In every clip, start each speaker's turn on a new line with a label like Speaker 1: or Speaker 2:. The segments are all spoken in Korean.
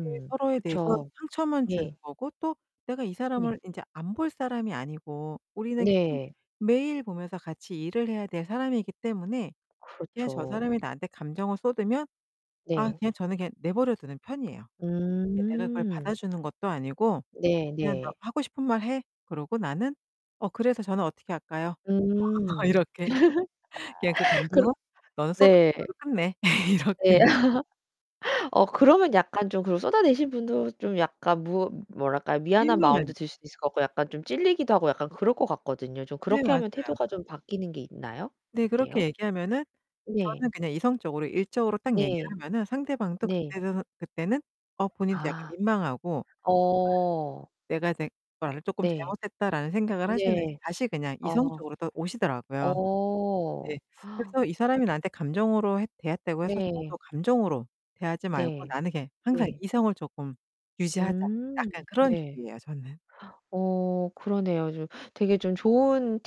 Speaker 1: 이게 서로에 대해서
Speaker 2: 그쵸.
Speaker 1: 상처만 주는
Speaker 2: 네.
Speaker 1: 거고 또 내가 이
Speaker 2: 네.
Speaker 1: 사람을 인제 안 볼 사람이 아니고 우리는 계속
Speaker 2: 네.
Speaker 1: 매일 보면서 같이 일을 해야 될 사람이기 때문에 그냥 저
Speaker 2: 그렇죠.
Speaker 1: 사람이 나한테 감정을 쏟으면 아
Speaker 2: 네.
Speaker 1: 그냥 저는 그냥 내버려 두는 편이에요. 내가 그걸
Speaker 2: 음.
Speaker 1: 받아주는 것도 아니고
Speaker 2: 네
Speaker 1: 그냥 '너
Speaker 2: 네.
Speaker 1: 하고 싶은 말 해.' 그러고 나는 '어, 그래서 저는 어떻게 할까요?'
Speaker 2: 음.
Speaker 1: 이렇게. 그냥 '그
Speaker 2: 그렇
Speaker 1: 감정을 너는 쏟아낸
Speaker 2: 네
Speaker 1: 걸로 끝내.'
Speaker 2: 네.
Speaker 1: 이렇게.
Speaker 2: 어 그러면 약간 좀 그 쏟아내신 분도 좀 약간 무 뭐랄까요. 미안한
Speaker 1: 민망한.
Speaker 2: 마음도 들 수도 있을 것 같고 약간 좀 찔리기도 하고 약간 그럴 거 같거든요. 좀
Speaker 1: 네.
Speaker 2: 그렇게
Speaker 1: 맞아요.
Speaker 2: 하면 태도가 좀 바뀌는 게 있나요?
Speaker 1: 네. 그렇게
Speaker 2: 어때요?
Speaker 1: 얘기하면은
Speaker 2: 네.
Speaker 1: 저는 그냥 이성적으로 일적으로 딱 얘기를
Speaker 2: 네.
Speaker 1: 하면은 상대방도
Speaker 2: 네.
Speaker 1: 그때는 그때는 어 본인도 약간
Speaker 2: 아.
Speaker 1: 민망하고.
Speaker 2: 어.
Speaker 1: 네. 내가 되 걸 조금
Speaker 2: 네.
Speaker 1: 잘못했다라는 생각을 하셨는지
Speaker 2: 네.
Speaker 1: 다시 그냥
Speaker 2: 아.
Speaker 1: 이성적으로 또 오시더라고요.
Speaker 2: 어.
Speaker 1: 네. 그래서 이 사람이 나한테 감정으로 했 대했다고 해서
Speaker 2: 네.
Speaker 1: 저도 감정으로 대하지 말고
Speaker 2: 네.
Speaker 1: 나는 그냥 항상
Speaker 2: 네.
Speaker 1: 이성을 조금 유지하자.
Speaker 2: 음
Speaker 1: 약간 그런
Speaker 2: 네.
Speaker 1: 주의에요, 저는.
Speaker 2: 어 그러네요. 좀 되게 좀 좋은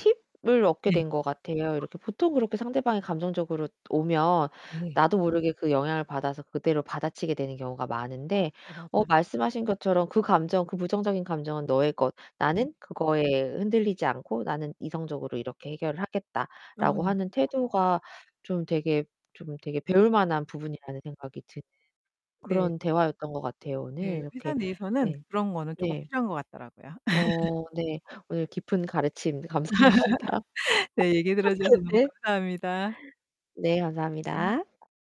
Speaker 2: 팁을 얻게
Speaker 1: 네.
Speaker 2: 된 것 같아요. 이렇게 보통 그렇게 상대방이 감정적으로 오면
Speaker 1: 네.
Speaker 2: 나도 모르게 그 영향을 받아서 그대로 받아치게 되는 경우가
Speaker 1: 어.
Speaker 2: 많은데
Speaker 1: 네
Speaker 2: 어
Speaker 1: 맞아요.
Speaker 2: 말씀하신 것처럼 그 감정 그 부정적인 감정은 너의 것,
Speaker 1: 음
Speaker 2: 나는 그거에 흔들리지 않고 나는 이성적으로 이렇게 해결을
Speaker 1: 어
Speaker 2: 하겠다라고
Speaker 1: 네.
Speaker 2: 하는 태도가 좀 되게 좀 되게 배울만한 부분이라는 생각이 드는
Speaker 1: 네.
Speaker 2: 그런 대화였던 거 같아요, 오늘.
Speaker 1: 네. 회사
Speaker 2: 이렇게
Speaker 1: 내에서는
Speaker 2: 네.
Speaker 1: 그런 거는 조금
Speaker 2: 네.
Speaker 1: 필요한 거 같더라고요.
Speaker 2: 어 네. 오늘 깊은 가르침 감사합니다.
Speaker 1: 네. 얘기 들어주셔서 너무
Speaker 2: 네.
Speaker 1: 감사합니다.
Speaker 2: 네
Speaker 1: 네.
Speaker 2: 감사합니다.